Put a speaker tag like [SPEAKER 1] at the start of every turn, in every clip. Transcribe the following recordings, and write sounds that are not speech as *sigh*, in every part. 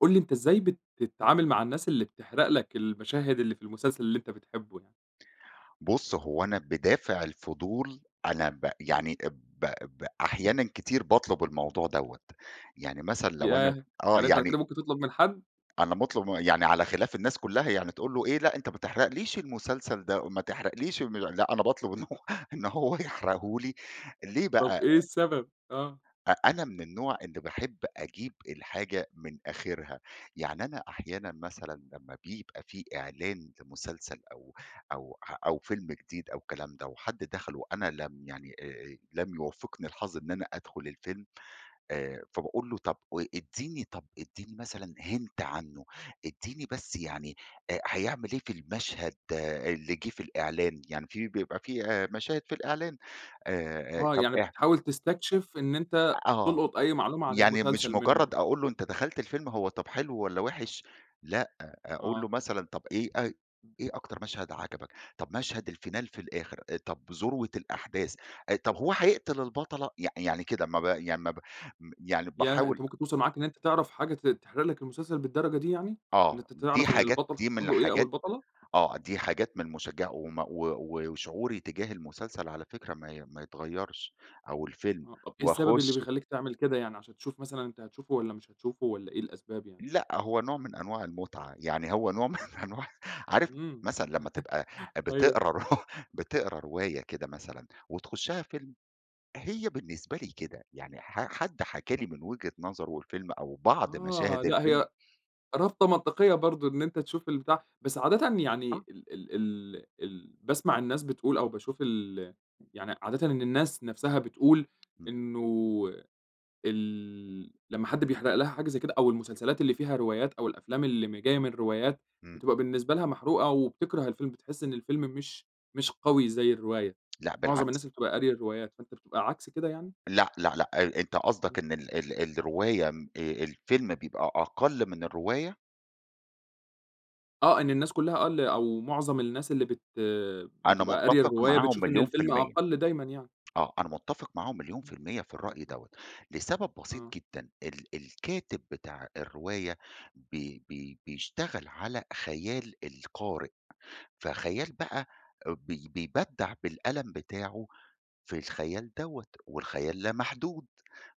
[SPEAKER 1] قُل لي أنت إزاي بتتعامل مع الناس اللي بتحرق لك المَشَاهد اللي في المسلسل اللي أنت بتحبه يعني؟
[SPEAKER 2] بُص هو أنا بِدافع الفضول أنا ب يعني ب ب أحيانًا كتير باطلب الموضوع دوّة، يعني مثلًا لو أنا
[SPEAKER 1] ياه!
[SPEAKER 2] آه،
[SPEAKER 1] يعني أنت على
[SPEAKER 2] يعني
[SPEAKER 1] كده ممكن تُطلب من حد؟
[SPEAKER 2] أنا باطلب م يعني على خلاِف الناس كلها يعني تقول له: "إيه لأ، أنت ما تحرقليش المسلسل ده، ما تحرقليش الم" لأ أنا باطلب إن هو إن هو يحرقه لي ليه بقى؟
[SPEAKER 1] طب
[SPEAKER 2] آآ
[SPEAKER 1] إيه السبب؟ آه.
[SPEAKER 2] أ أنا من النوع اللي باحب أجيب الحاجة من آخرها، يعني أنا أحيانًا مثلًا لمّا بيبقى في إعلان لمسلسل أو أو ه أو فيلم جديد أو كلام ده وحد دخل وأنا لم يعني آآ، لم يوفقني الحظ إن أنا أدخل الفيلم آآ، فباقول له طب و اديني طب اديني مثلًا hint عنّه، اديني بس يعني آآ، هيعمل إيه في المشهد اللي جه في الإعلان؟ يعني في بيبقى في آآ، مشاهد في الإعلان. آآ،
[SPEAKER 1] آه،
[SPEAKER 2] طب
[SPEAKER 1] يعني
[SPEAKER 2] إيه
[SPEAKER 1] بتحاول تستكشف إن
[SPEAKER 2] أ
[SPEAKER 1] أنت
[SPEAKER 2] آه،
[SPEAKER 1] تُلقط أي معلومة عن
[SPEAKER 2] يعني مش
[SPEAKER 1] المسلسل منه.
[SPEAKER 2] مجرّد أقول له: "أنت دخلت الفيلم، هو طب حلو والَّا وحش؟" لأ أقول
[SPEAKER 1] آه.
[SPEAKER 2] له مثلًا "طب إيه اي
[SPEAKER 1] إمم.
[SPEAKER 2] إيه أكتر مشهد عجبك؟ طب مشهد الفينال في الآخر؟ آآ، طب ذروة الأحداث، آآ، طب هو هيقتل البطلة؟" يع يعني كده ما ب يعني ما ب م يعني
[SPEAKER 1] ياه!
[SPEAKER 2] باحاول
[SPEAKER 1] أنت ممكن توصل معاك إن أنت تعرف حاجة ت تحرق لك المسلسل بالدرجة دي يعني؟ إن
[SPEAKER 2] آه،
[SPEAKER 1] أنت
[SPEAKER 2] دي
[SPEAKER 1] تعرف إن
[SPEAKER 2] حاجات
[SPEAKER 1] البطل
[SPEAKER 2] دي
[SPEAKER 1] حصل
[SPEAKER 2] من
[SPEAKER 1] له إيه أو
[SPEAKER 2] الحاجات
[SPEAKER 1] البطلة؟
[SPEAKER 2] آه، دي حاجات من المشجعة وم و و وشعوري تجاه المسلسل على فكرة ما ي ما يتغيرش أو الفيلم،
[SPEAKER 1] آه، إيه السبب اللي
[SPEAKER 2] واخشه.
[SPEAKER 1] بيخليك تعمل كده يعني، عشان تشوف مثلًا أنت هتشوفه والّا مش هتشوفه؟ والَّا إيه الأسباب يعني؟
[SPEAKER 2] لأ، هو نوع من أنواع المتعة، يعني هو نوع من أنواع عارف
[SPEAKER 1] امم،
[SPEAKER 2] مثلًا لمّا تبقى
[SPEAKER 1] *laughs* أيوه.
[SPEAKER 2] بتقرا ر بتقرا رواية كده مثلًا وتخشها فيلم، هي بالنسبة لي كده، يعني ح حد حكى لي من وجهة نظره الفيلم أو بعض
[SPEAKER 1] آه،
[SPEAKER 2] مشاهد
[SPEAKER 1] لأ،
[SPEAKER 2] الفيلم
[SPEAKER 1] هي رابطة منطقيّة برضو إن أنت تشوف البتاع بس عادةِ يعني
[SPEAKER 2] آه.
[SPEAKER 1] ال ال ال ال باسمع الناس بتقول أو باشوف ال يعني عادةً إن الناس نفسها بتقول
[SPEAKER 2] امم.
[SPEAKER 1] إنّه ال لمّا حد بيحرق لها حاجة زي كده، أو المسلسلات اللي فيها روايات أو الأفلام اللي م جايّة من روايات،
[SPEAKER 2] إمم.
[SPEAKER 1] بتبقى بالنسبة لها محروقة وبتكره الفيلم، بتحس إن الفيلم مش مش قوي زي الرواية،
[SPEAKER 2] *tsk* لأ
[SPEAKER 1] معظم
[SPEAKER 2] بالعكس.
[SPEAKER 1] الناس اللي بتبقى قارية الروايات، فأنت بتبقى عكس كده يعني؟
[SPEAKER 2] لأ، لأ، لأ، ال أنت قصدك إن ال ال الرواية آمم، آآ، الفيلم بيبقى أقل من الرواية؟
[SPEAKER 1] آه إن الناس كلها آه اللي أو معظم الناس اللي بت
[SPEAKER 2] أنا
[SPEAKER 1] بتبقى قارية
[SPEAKER 2] متفق
[SPEAKER 1] الرواية
[SPEAKER 2] معاهم
[SPEAKER 1] بتشوف إن
[SPEAKER 2] مليون في
[SPEAKER 1] الفيلم
[SPEAKER 2] المِيَّة.
[SPEAKER 1] أقل دايمًا يعني.
[SPEAKER 2] آه أنا متفق معاهم مليون في
[SPEAKER 1] امم،
[SPEAKER 2] المِيَّة في الرأي
[SPEAKER 1] *unintelligible*
[SPEAKER 2] دوّة، لسبب بسيط
[SPEAKER 1] آه.
[SPEAKER 2] جدًا ال الكاتب بتاع الرواية ب ب بيشتغل على خيال القارئ، فخيال بقى بي بيبدع بالقلم بتاعه في الخيال دوّة، والخيال لا محدود.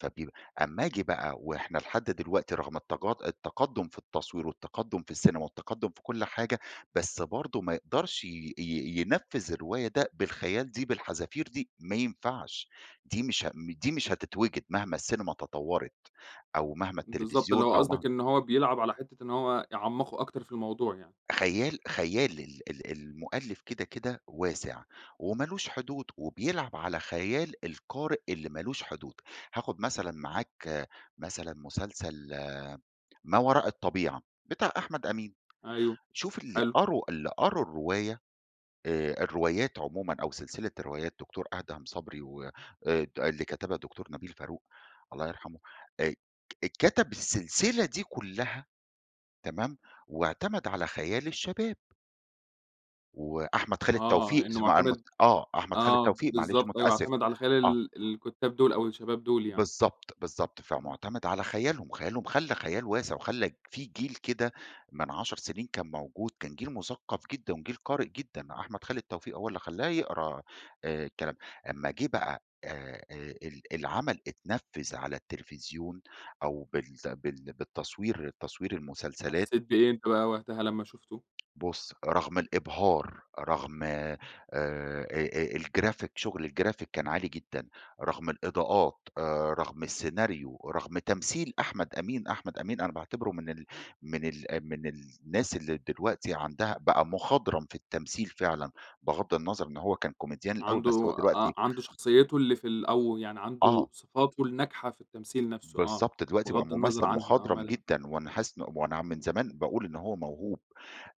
[SPEAKER 2] فبيب أما آجي بقى وإحنا لحد دلوقتي رغم التج التقدم في التصوير والتقدم في السينما والتقدم في كل حاجة، بس برضه ما يقدرش ي ي ينفذ الرواية ده بالخيال دي، بالحذافير دي، ما ينفعش دي مش ه دي مش هتتوجد مهما السينما تطورت، أو مهما
[SPEAKER 1] بالضبط اللي
[SPEAKER 2] التلفزيون
[SPEAKER 1] هو
[SPEAKER 2] أو
[SPEAKER 1] قصدك
[SPEAKER 2] مهما
[SPEAKER 1] إن هو بيلعب على حتة إن هو يعمَّقه أكتر في الموضوع يعني؟
[SPEAKER 2] خيال خيال ال ال المؤلف كده، كده واسع، ومالوش حدود وبيلعب على خيال القارئ اللي مالوش حدود. هاخد مثلًا معاك مثلًا، مسلسل ما وراء الطبيعة بتاع أحمد أمين،
[SPEAKER 1] أيوه
[SPEAKER 2] شوف اللي
[SPEAKER 1] حلو.
[SPEAKER 2] قروا اللي قروا الرواية، آآ، الروايات عمومًا أو سلسلة الروايات دكتور أدهم صبري وآآ د اللي كتبها الدكتور نبيل فاروق الله يرحمه آآ، اتكتب السلسلة دي كلها تمام، واعتمد على خيال الشباب. وأحمد خالد توفيق
[SPEAKER 1] آه، إنه
[SPEAKER 2] تسمع عن
[SPEAKER 1] مُعتمد
[SPEAKER 2] آه، أحمد خالد
[SPEAKER 1] آه،
[SPEAKER 2] توفيق، معلش
[SPEAKER 1] بالضبط، أيوه،
[SPEAKER 2] مُتأسف
[SPEAKER 1] اعْتَمد على خيال
[SPEAKER 2] آه.
[SPEAKER 1] ال الكُتّاب دول أو الشباب دُول يعني.
[SPEAKER 2] بالضبط، بالضبط،
[SPEAKER 1] إمم.
[SPEAKER 2] فمُعتمِد على خيالهم، خيالهم خلّى الخيال واسع، وخلّى في جيل كده من 10 سنين كان موجود كان جيل مُثقف جدًا وجيل قارئ جدًا، أحمد خالد التوفيق هو اللي خلّاه يقرا آآ، الكلام. امّا جه بقى آآ آآ ال العمل اتنفّذ على التلفزيون أو بال بال بالتصوير تصوير المسلسلات
[SPEAKER 1] حسّيت بأيه أنت بقى وقتها لمّا شُفته؟
[SPEAKER 2] بُص رّغم الإبْهار، رّغم آآ، آآ، الجرافيك شُغل الجرافيك كان عالي جدًا، رّغم الإضاءات آآ، رّغم السيناريو ورّغم تَمْثيل أحمد أمين، أحمد أمين أنا باعتبره من ال من ال من الناس اللي دلوقتي عندها بقى مُخضْرم في التَمْثيل فعلًا، بِغضّ النّظَر إن هو كان كوميديان الأوّل
[SPEAKER 1] عنده
[SPEAKER 2] بس هو
[SPEAKER 1] آه،
[SPEAKER 2] دلوقتي
[SPEAKER 1] عنده شخصيته اللي في ال أو يعني عنده
[SPEAKER 2] آه.
[SPEAKER 1] صِفاته الناجحة في التَمْثيل نفسه. آه،
[SPEAKER 2] بالضبط دلوقتي بقى
[SPEAKER 1] بِغضّ النّظَر
[SPEAKER 2] مُمثل
[SPEAKER 1] عنها، آه،
[SPEAKER 2] مُخضْرم
[SPEAKER 1] مالها؟
[SPEAKER 2] جدًا، وأنا حاسس إن وأنا من
[SPEAKER 1] إمم.
[SPEAKER 2] زمان باقول إن هو مَوْهوب،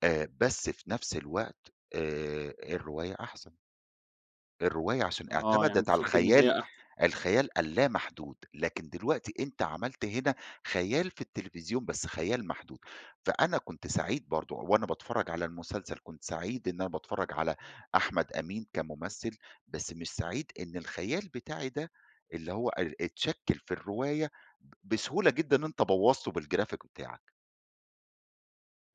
[SPEAKER 2] آآ، بس في نفس الوقت آآ، الرواية أحَسنْ. الرواية عشان
[SPEAKER 1] آه، يعني
[SPEAKER 2] اعتمدِت
[SPEAKER 1] أنت
[SPEAKER 2] على
[SPEAKER 1] شُفت إن
[SPEAKER 2] الخَيال
[SPEAKER 1] هي أحسن؟
[SPEAKER 2] الخَيال اللّا مَحدود، لكن دلوقتي أنت عملت هنا خَيال في التلفزيون بس خَيال مَحدود، فأنا كنت سعيد برضو وأنا باتفرّج على المُسلسل كنت سعيد إن أنا باتفرّج على أحمد أمين كمُمثل، بس مش سعيد إن الخيال بتاعي ده اللي هو آآ، اتشَكّل في الرواية بسهولة جدًا أنت بوّظته بالجرافيك بتاعك.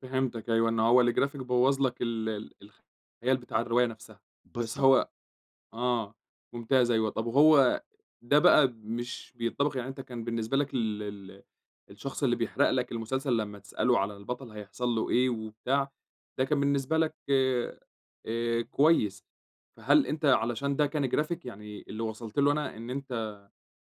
[SPEAKER 1] فِهِمتك أيوه إن هو الgraphic بوَّظ لَك ال ال الخيال بتاع الرواية نفسها، بس
[SPEAKER 2] بالضبط.
[SPEAKER 1] هو آه، ممتاز أيوه طب وهو ده بقى مش بينطبق يعني أنتَ كان بالنسبة لك ال ال الشخص اللي بيحرق لَك المسلسل لما تسأله على البطل هيحصل له إيه وبتاع، ده كان بالنسبة لك آآ آآ، كويس. فهل أنتَ علشان ده كان graphic يعني اللي وصلت له أنا إن أنتَ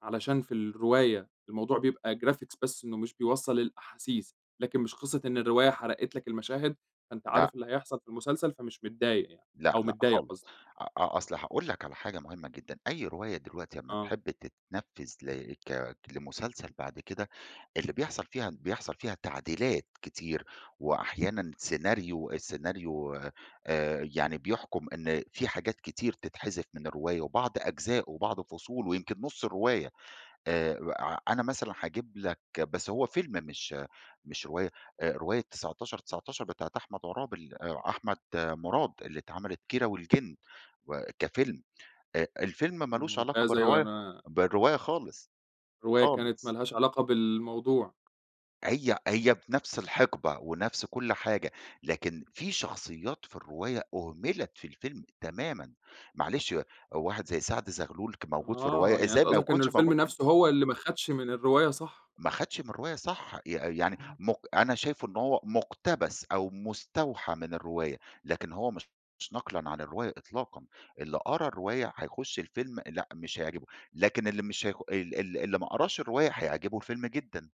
[SPEAKER 1] علشان في الرواية الموضوع بيبقى graphics بس إنه مش بيوصَّل الأحاسيس، لكن مش قصة إن الرواية حرقت لَك المشاهد فأنتَ
[SPEAKER 2] لأ.
[SPEAKER 1] عارف اللي هيحصل في المسلسل، فمش متضايق يعني
[SPEAKER 2] لأ،
[SPEAKER 1] أو
[SPEAKER 2] لأ
[SPEAKER 1] متضايق
[SPEAKER 2] خالص
[SPEAKER 1] قصدي؟
[SPEAKER 2] أ أ أصل هاقول لَك على حاجة مهمة جدًا، أي رواية دلوقتي لما
[SPEAKER 1] آه.
[SPEAKER 2] تحب تتنفذ ل ك لمسلسل بعد كده اللي بيحصل فيها بيحصل فيها تعديلات كتير، وأحيانًا scenario الscenario آآ، يعني بيحكُم إن فيه حاجات كتير تتحذف من الرواية، وبعض أجزاؤه وبعض فصوله ويمكن نص الرواية، آآ، ع أنا مثلًا هاجيب لَك بس هو فيلم مش مش رواية، آآ رواية 1919 بتاعة أحمد عرابي ال أ أحمد مراد اللي اتعملت كيرا والجن، وكفيلم أ الفيلم مالوش علاقة
[SPEAKER 1] ممتاز، أيوه
[SPEAKER 2] بالرواية
[SPEAKER 1] أنا
[SPEAKER 2] بالرواية خالص،
[SPEAKER 1] الرواية
[SPEAKER 2] خالص.
[SPEAKER 1] كانت ما لهاش علاقة بالموضوع.
[SPEAKER 2] هي هي في نفس الحقبة ونفس كل حاجة، لكن في شخصيات في الرواية أهملت في الفيلم تمامًا، معلش واحد زي سعد غلول كان موجود في
[SPEAKER 1] آه،
[SPEAKER 2] الرواية،
[SPEAKER 1] يعني
[SPEAKER 2] إزاي
[SPEAKER 1] أنتَ
[SPEAKER 2] ما
[SPEAKER 1] قصدك إن
[SPEAKER 2] يكونش
[SPEAKER 1] الفيلم
[SPEAKER 2] موجود في ال
[SPEAKER 1] نفسه هو اللي ما خدش من الرواية صح.
[SPEAKER 2] ما خدش من الرواية صح ي يعني
[SPEAKER 1] امم.
[SPEAKER 2] مق أنا شايفه إن هو مقتبس، أو مستوحى من الرواية، لكن هو مش نقلًا عن الرواية إطلاقًا. اللي قرا الرواية هيخش الفيلم لأ مش هيعجبه، لكن اللي مش هيخ ال ال اللي ما قراش الرواية هيعجبه الفيلم جدًا.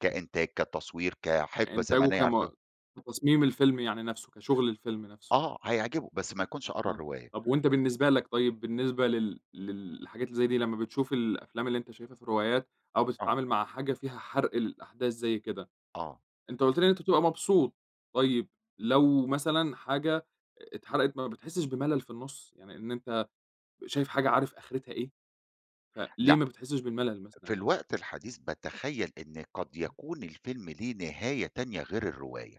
[SPEAKER 2] كإنتاج، كتصوير، كحقبة
[SPEAKER 1] إنتاجه
[SPEAKER 2] زمنية، عارف.
[SPEAKER 1] كم
[SPEAKER 2] *unintelligible*
[SPEAKER 1] في تصميم الفيلم يعني نفسه كشغل الفيلم نفسه.
[SPEAKER 2] آه، هيعجبه بس ما يكونش قرا
[SPEAKER 1] آه،
[SPEAKER 2] الرواية.
[SPEAKER 1] طب وأنتَ بالنسبة لَك طيب بالنسبة لل للحاجات اللي زي دي لما بتشوف الأفلام اللي أنتَ شايفها في الروايات، أو
[SPEAKER 2] آه.
[SPEAKER 1] بتتعامل مع حاجة فيها حرْق الأحداث زي كده.
[SPEAKER 2] آه.
[SPEAKER 1] أنتَ قُلت لي إن أنتَ بتبقى مبسوط، طيب، لو مثلًا حاجة اتحرقت بقى ما بتحسش بملل في النص؟ يعني إن أنتَ شايف حاجة عارف آخرتها إيه. فليه
[SPEAKER 2] لأ.
[SPEAKER 1] ما بتحسش بالملل
[SPEAKER 2] في
[SPEAKER 1] مثلًا يعني؟
[SPEAKER 2] الوقت الحديث باتخيَّل إن قد يكون الفيلم ليه نهاية تانية غير الرواية.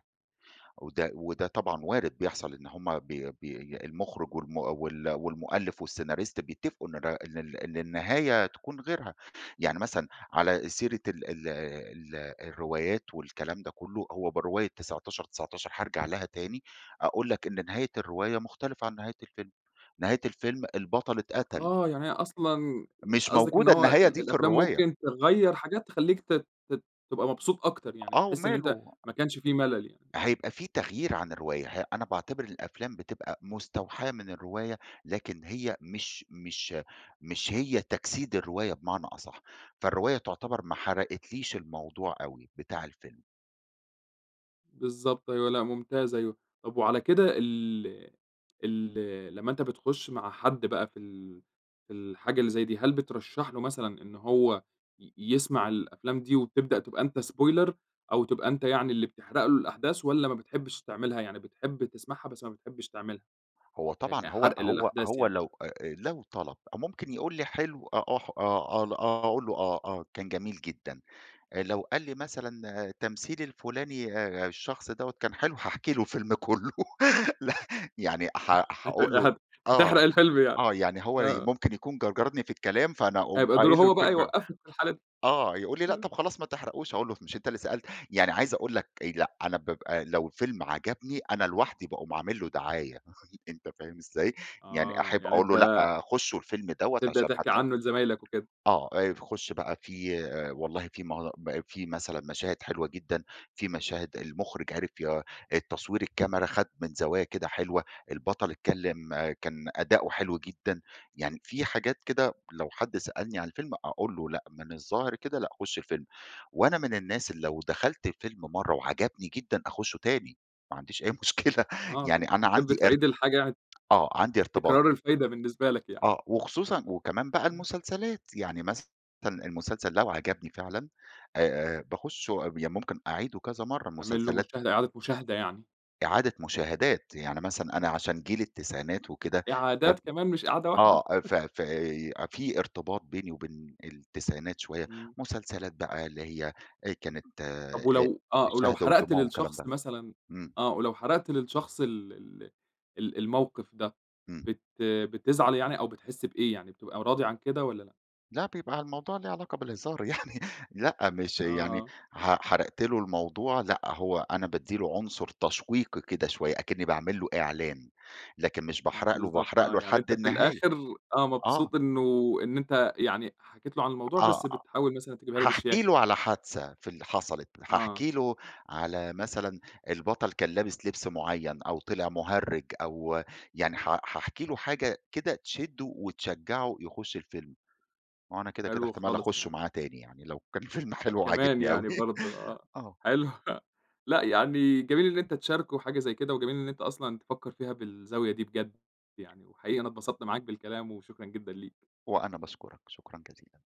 [SPEAKER 2] وده وده طبعًا وارد بيحصل إن هم بي بي المخرج والم وال والمؤلف والسيناريست بيتفقوا إن الر إن ال إن النهاية تكون غيرها، يعني مثلًا على سيرة ال ال ال الروايات والكلام ده كلّه هو برواية 1919 هارجع لها تاني، أقول لَك إن نهاية الرواية مختلفة عن نهاية الفيلم، نهاية الفيلم البطل اتقتل.
[SPEAKER 1] آه، يعني هي أصلًا
[SPEAKER 2] مش
[SPEAKER 1] قصدك إن
[SPEAKER 2] موجودة
[SPEAKER 1] هو
[SPEAKER 2] النهاية
[SPEAKER 1] ال
[SPEAKER 2] دي في
[SPEAKER 1] الأفلام
[SPEAKER 2] الرواية.
[SPEAKER 1] ممكن تغيّر حاجات تخليك ت ت تبقى مبسوط أكتر، يعني
[SPEAKER 2] آه،
[SPEAKER 1] تحس إن أنتَ
[SPEAKER 2] وماله.
[SPEAKER 1] ما كانش فيه ملل يعني. آه.
[SPEAKER 2] هيبقى في تغييرعن الرواية ه أنا باعتبر الأفلام بتبقى مستوحاة من الرواية، لكن هي مش مش مش هي تجسيد الرواية بمعنى أصح، فالرواية تعتبر ما حرقتليش الموضوع أوي بتاع الفيلم.
[SPEAKER 1] بالضبط أيوه لأ ممتاز أيوه، طب وعلى كده ال ال لما أنتَ بتخش مع حد بقى في ال في الحاجة اللي زي دي هل بترشح له مثلًا إن هو ي يسمع الأفلام دي وتبدأ تبقى أنتَ Spoiler أو تبقى أنتَ يعني اللي بتحرق له الأحداث، والّا ما بتحبش تعملها يعني بتحب تسمعها بس ما بتحبش تعملها
[SPEAKER 2] هو
[SPEAKER 1] ي
[SPEAKER 2] طبعًا هو
[SPEAKER 1] كحرق
[SPEAKER 2] هو
[SPEAKER 1] للأحداث
[SPEAKER 2] هو
[SPEAKER 1] يعني؟
[SPEAKER 2] لو، آآ، لو طلب أ ممكن يقول لي حلو، أ أح آه، آه أقول له: "آه، آه كان جميل جدًا،" آآ لو قال لي مثلًا تمثيل الفلاني آآ الشخص دوّة كان حلو، هاحكي له الفيلم كله ل يعني ح
[SPEAKER 1] *unintelligible* هت
[SPEAKER 2] هاقول له:
[SPEAKER 1] هت
[SPEAKER 2] "آه،
[SPEAKER 1] هتحرق الفيلم يعني؟
[SPEAKER 2] آه" يعني هو ي
[SPEAKER 1] آه.
[SPEAKER 2] ممكن يكون جرجرني في الكلام، فأنا أقوم
[SPEAKER 1] هيبقى دوره
[SPEAKER 2] قايل له
[SPEAKER 1] هو بقى
[SPEAKER 2] الفيلم
[SPEAKER 1] يوقفك في الحالة د
[SPEAKER 2] آه يقول لي: "لأ
[SPEAKER 1] *unintelligible*
[SPEAKER 2] طب خلاص ما تحرقوش،" أقول له: "مش أنتَ اللي سألت؟" يعني عايز أقول لَك، آآ، لأ أنا بابقى لو الفيلم عجبني أنا لوحدي باقوم عامل له دعاية *chuckles* أنتَ فاهم إزاي؟ يعني
[SPEAKER 1] آه
[SPEAKER 2] أحب
[SPEAKER 1] يعني
[SPEAKER 2] أقول له:
[SPEAKER 1] أنتَ
[SPEAKER 2] "لأ، خشوا الفيلم دَوَّة
[SPEAKER 1] بتبدأ
[SPEAKER 2] عشان
[SPEAKER 1] تحكي
[SPEAKER 2] هتلاق"
[SPEAKER 1] عنه لزمايلك وكده؟
[SPEAKER 2] آه، آآ، ف خش بقى
[SPEAKER 1] *unintelligible*
[SPEAKER 2] فيه والله في م ب فيه مثلًا مشاهد حلوة جدًا، فيه مشاهد المخرج عرِف ي التصوير الكاميرا خد من زوايا كده حلوة، البطل اتكلم كان أداؤه حلو جدًا، يعني فيه حاجات كده،" لو حد سألني عن الفيلم أقول له: "لأ من الظاهر كده لأ خش الفيلم،" وأنا من الناس اللي لو دخلت الفيلم مرّة وعجبني جدًا أخشه تاني، ما عنديش أي مشكلة
[SPEAKER 1] آه
[SPEAKER 2] يعني أنا
[SPEAKER 1] بتحب
[SPEAKER 2] عندي ارت
[SPEAKER 1] تعيد الحاجة يعني؟
[SPEAKER 2] آه عندي
[SPEAKER 1] في
[SPEAKER 2] ارتباط
[SPEAKER 1] التكرار الفايدة بالنسبة لك يعني.
[SPEAKER 2] آه وخصوصًا وكمان بقى
[SPEAKER 1] *unintelligible*
[SPEAKER 2] المسلسلات يعني مثلًا المسلسل لو عجبني فعلًا، آآ، باخشه يعني ممكن أعيده كذا مرة
[SPEAKER 1] يعمل له
[SPEAKER 2] المسلسلات
[SPEAKER 1] مشاهدة إعادة مشاهدة يعني؟
[SPEAKER 2] إعادة مشاهدات، يعني مثلًا أنا
[SPEAKER 1] امم.
[SPEAKER 2] عشان جيل التسعينات وكده ف
[SPEAKER 1] إعادات كمان مش إعادة
[SPEAKER 2] آه
[SPEAKER 1] واحدة؟
[SPEAKER 2] ف
[SPEAKER 1] *chuckles*
[SPEAKER 2] ف في ارتباط بيني وبين التسعينات شوية
[SPEAKER 1] امم.
[SPEAKER 2] مسلسلات بقى اللي هي، آآ، كانت، آآ
[SPEAKER 1] طب ولو آه ولو
[SPEAKER 2] الشهد
[SPEAKER 1] حرقت
[SPEAKER 2] والدموع والكلام
[SPEAKER 1] للشخص
[SPEAKER 2] ده.
[SPEAKER 1] مثلًا
[SPEAKER 2] امم.
[SPEAKER 1] آه ولو حرقت للشخص ال ال ال الموقف ده
[SPEAKER 2] امم.
[SPEAKER 1] بت بتزعل يعني أو بتحس بإيه يعني بتبقى راضي عن كده والّا لأ؟
[SPEAKER 2] لا بيبقى الموضوع ليه علاقة بالهزار يعني لأ مش يعني
[SPEAKER 1] آه.
[SPEAKER 2] ح حرقت له الموضوع لأ، هو أنا بادِّي له عنصر تشويقي كده شوية، أكني باعمل له إعلان. لكن مش باحرق له
[SPEAKER 1] بالضبط
[SPEAKER 2] باحرق
[SPEAKER 1] آه
[SPEAKER 2] له
[SPEAKER 1] يعني
[SPEAKER 2] لحد
[SPEAKER 1] أنتَ في
[SPEAKER 2] النهاية.
[SPEAKER 1] الآخر آه
[SPEAKER 2] آه.
[SPEAKER 1] مبسوط إنه إن أنتَ يعني حكيت له عن الموضوع،
[SPEAKER 2] آه،
[SPEAKER 1] بس
[SPEAKER 2] آه.
[SPEAKER 1] بتحاول مثلًا تجيبها له
[SPEAKER 2] هاحكي
[SPEAKER 1] بشياكة
[SPEAKER 2] له
[SPEAKER 1] يعني.
[SPEAKER 2] على حادثة في ال حصلت،
[SPEAKER 1] آه.
[SPEAKER 2] هاحكي له على مثلًا البطل كان لابس لبس معين، أو طلع مهرج أو يعني حا هاحكي له حاجة كده تشده، وتشجعه يخش الفيلم. وأنا كده كده
[SPEAKER 1] حلو
[SPEAKER 2] احتمال
[SPEAKER 1] خالص
[SPEAKER 2] أخشه
[SPEAKER 1] يعني.
[SPEAKER 2] معاه تاني يعني لو كان الفيلم
[SPEAKER 1] آه
[SPEAKER 2] حلو
[SPEAKER 1] كمان
[SPEAKER 2] وعاجبني أوي
[SPEAKER 1] يعني برضه، آه
[SPEAKER 2] آه.
[SPEAKER 1] حلو لأ يعني جميل إن أنتَ تشاركه حاجة زي كده، وجميل إن أنتَ أصلًا تفكر فيها بالزاوية دي بجد يعني، وحقيقي أنا اتبسطت معاك بالكلام، وشكرا جدًا ليك.
[SPEAKER 2] وأنا باشكرك شكرًا جزيلًا.